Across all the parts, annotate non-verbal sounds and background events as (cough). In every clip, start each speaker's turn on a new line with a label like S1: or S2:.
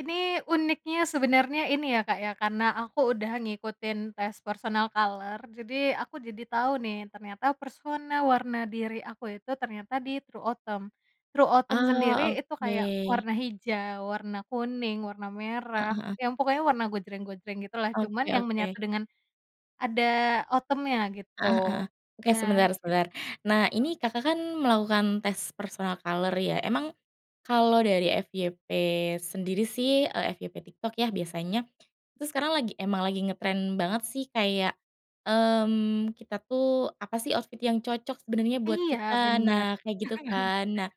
S1: Ini uniknya sebenarnya ini ya, Kak, ya karena aku udah ngikutin tes personal color jadi aku jadi tahu nih ternyata personal warna diri aku itu ternyata di true autumn. True autumn sendiri
S2: Ah,
S1: itu kayak
S2: oke.
S1: warna hijau, warna kuning, warna merah,
S2: Heeh heeh.
S1: yang pokoknya warna gojreng-gojreng gitu lah cuman
S2: Oke
S1: yang
S2: oke.
S1: menyatu dengan. Ada autumn-nya gitu
S2: Heeh heeh, oke
S1: nah
S2: sebentar
S1: it
S2: sebentar nah
S1: heeh.
S2: ini Kakak kan melakukan tes personal color ya emang, kalo dari FYP sendiri sih, eee, FYP TikTok ya biasanya, itu sekarang lagi emang lagi ngetren banget sih kayak, mmm, kita tuh apa sih outfit yang cocok sebenarnya buat
S1: Iya
S2: kita?
S1: benar.
S2: Nah kayak gitu kan nah,
S1: (chuckles)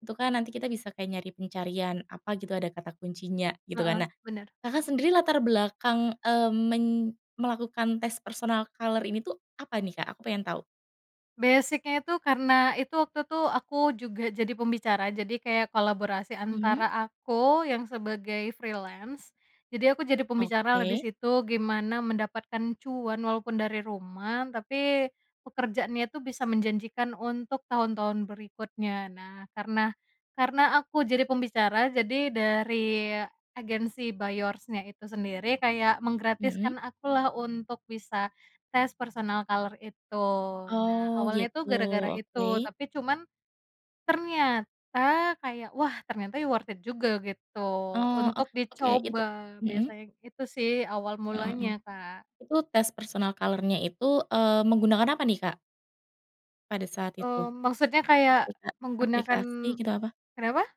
S2: itu kan nanti kita bisa kayak nyari pencarian apa gitu ada kata kuncinya gitu
S1: Heeh,
S2: kan nah,
S1: benar.
S2: Kakak sendiri latar belakang, eee, men melakukan tes personal color ini tuh apa nih, Kak? Aku pengen tau.
S1: Basic-nya itu karena itu waktu itu tuh aku juga jadi pembicara jadi kayak kolaborasi
S2: Mmm.
S1: antara aku yang sebagai freelance, jadi aku jadi pembicara lah di
S2: Oke.
S1: situ gimana mendapatkan cuan walaupun dari rumah tapi, pekerjaannya itu bisa menjanjikan untuk tahun-tahun berikutnya nah karena karena aku jadi pembicara jadi dari agensi By Yours-nya itu sendiri kayak
S2: Mmm.
S1: menggratiskan aku lah untuk bisa tes personal color itu, nah
S2: Oh
S1: awalnya tuh
S2: gitu
S1: gara-gara itu
S2: oke.
S1: tapi cuman. Ternyata kayak, "Wah ternyata worth it juga," gitu
S2: Oh oh
S1: untuk
S2: oke itu
S1: dicoba
S2: mhm.
S1: biasanya itu sih awal
S2: Heeh heeh,
S1: mulanya, Kak.
S2: itu tes personal color-nya itu, eee, menggunakan apa nih, Kak pada saat itu?
S1: Mmm, maksudnya kayak
S2: Aplika
S1: menggunakan
S2: aplikasi gitu apa?
S1: kenapa?